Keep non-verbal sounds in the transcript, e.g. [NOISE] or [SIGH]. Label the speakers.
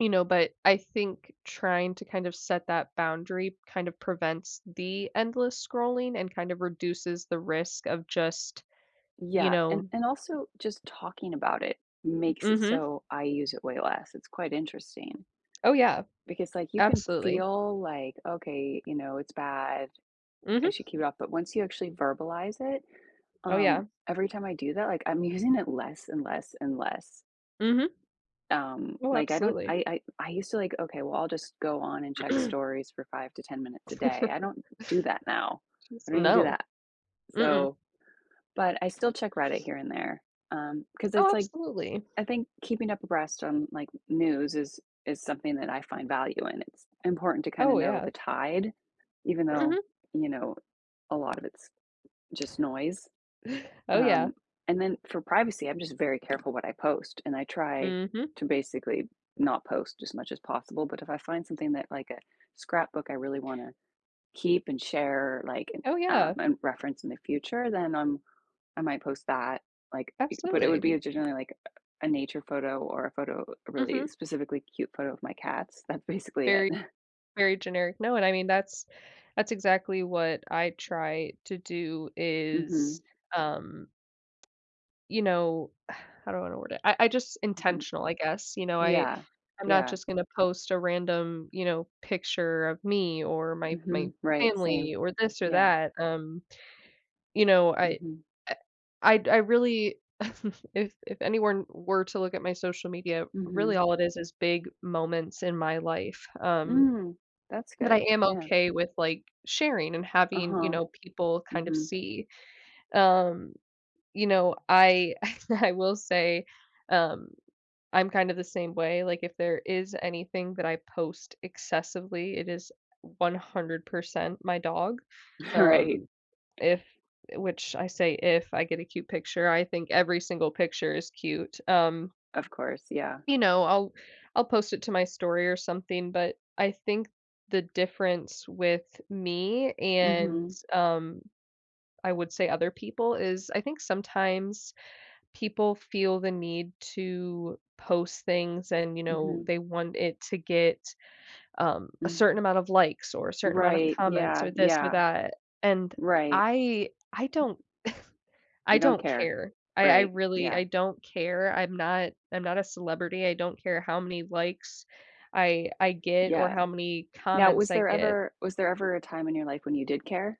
Speaker 1: You know, but I think trying to, kind of, set that boundary, kind of, prevents the endless scrolling and, kind of, reduces the risk of, just, you
Speaker 2: Yeah, and
Speaker 1: know
Speaker 2: and also, just, talking about it makes it
Speaker 1: Mhm.
Speaker 2: so I use it way less. It's quite interesting.
Speaker 1: Oh, yeah,
Speaker 2: Because, like, you can
Speaker 1: absolutely.
Speaker 2: feel, like, okay, you know, it's bad. I
Speaker 1: Mhm.
Speaker 2: should keep it up, but once you actually verbalize it,
Speaker 1: Oh,
Speaker 2: um,
Speaker 1: yeah.
Speaker 2: every time I do that, like, I'm using it less and less and less.
Speaker 1: Mhm.
Speaker 2: Um,
Speaker 1: Oh,
Speaker 2: like, I don't,
Speaker 1: absolutely.
Speaker 2: I I I used to, like, okay, well I'll, just, go on and check
Speaker 1: [CLEARS THROAT]
Speaker 2: stories for 5 to 10 minutes a day. I
Speaker 1: [CHUCKLES]
Speaker 2: don't do that now. I
Speaker 1: [UNINTELLIGIBLE]
Speaker 2: don't even do
Speaker 1: No.
Speaker 2: that.
Speaker 1: Mm-mm.
Speaker 2: So, but, I still check Reddit here and there, um, 'cause
Speaker 1: Oh,
Speaker 2: it's, like,
Speaker 1: absolutely.
Speaker 2: I think, keeping up abreast on, like, news is is something that I find value in. It's important to, kinda,
Speaker 1: Oh,
Speaker 2: know
Speaker 1: yeah.
Speaker 2: the tide, even though,
Speaker 1: Mhm.
Speaker 2: you know, a lot of it's, just, noise,
Speaker 1: Oh, yeah.
Speaker 2: um, and then for privacy, I'm, just, very careful what I post and I try
Speaker 1: Mhm.
Speaker 2: to basically not post as much as possible, but if I find something that, like, a scrapbook I really wanna keep and share, like,
Speaker 1: Oh,
Speaker 2: uh,
Speaker 1: yeah.
Speaker 2: and reference in the future, then, um, I might post that, like, I but it would
Speaker 1: Absolutely.
Speaker 2: be generally, like, a nature photo or a photo, a really
Speaker 1: Mhm.
Speaker 2: specifically cute photo of my cats. That's basically it.
Speaker 1: Very,
Speaker 2: [CHUCKLES]
Speaker 1: very generic. No, and I mean, that's that's exactly what I try to do is,
Speaker 2: Mhm.
Speaker 1: um, you know, [SIGHS] how do I wanna word it? I I, just,
Speaker 2: Mhm.
Speaker 1: intentional, I guess. You know, I
Speaker 2: Yeah.
Speaker 1: I'm not,
Speaker 2: Yeah.
Speaker 1: just, gonna post a random, you know, picture of me or my my
Speaker 2: Mhm. Right.
Speaker 1: family
Speaker 2: Same.
Speaker 1: or this or
Speaker 2: Yeah.
Speaker 1: that, um, you know, I,
Speaker 2: Mhm.
Speaker 1: eh, I'd I really [CHUCKLES] if if anyone were to look at my social media, really
Speaker 2: Mhm.
Speaker 1: all it is is big moments in my life, um,
Speaker 2: Mm. That's
Speaker 1: but I
Speaker 2: good.
Speaker 1: am
Speaker 2: Yeah.
Speaker 1: okay with, like, sharing and having, you
Speaker 2: Uh-huh.
Speaker 1: know, people, kind of,
Speaker 2: Mhm.
Speaker 1: see, um, you know, I [CHUCKLES] I will say, um, I'm, kind of, the same way, like, if there is anything that I post excessively, it is 100% my dog,
Speaker 2: [CHUCKLES] Right.
Speaker 1: um, if, eh, which I say, if I get a cute picture, I think every single picture is cute, um
Speaker 2: Of course, yeah.
Speaker 1: you know, I'll I'll post it to my story or something but, I think the difference with me and,
Speaker 2: Mhm.
Speaker 1: um, I would say other people is I think sometimes people feel the need to post things and, you know,
Speaker 2: Mhm.
Speaker 1: they want it to get, um, a certain
Speaker 2: Mhm.
Speaker 1: amount of likes, or a certain amount of
Speaker 2: Right.
Speaker 1: comments,
Speaker 2: Yeah.
Speaker 1: or this or
Speaker 2: Yeah.
Speaker 1: that, and
Speaker 2: Right.
Speaker 1: I I don't [SCOFFS] I
Speaker 2: You don't
Speaker 1: don't
Speaker 2: care.
Speaker 1: care. I I
Speaker 2: Right.
Speaker 1: really
Speaker 2: Yeah.
Speaker 1: I don't care. I'm not I'm not a celebrity. I don't care how many likes I I get or
Speaker 2: Yeah.
Speaker 1: how many
Speaker 2: Now,
Speaker 1: comments
Speaker 2: was
Speaker 1: I
Speaker 2: there
Speaker 1: get.
Speaker 2: ever was there ever a time in your life when you did care?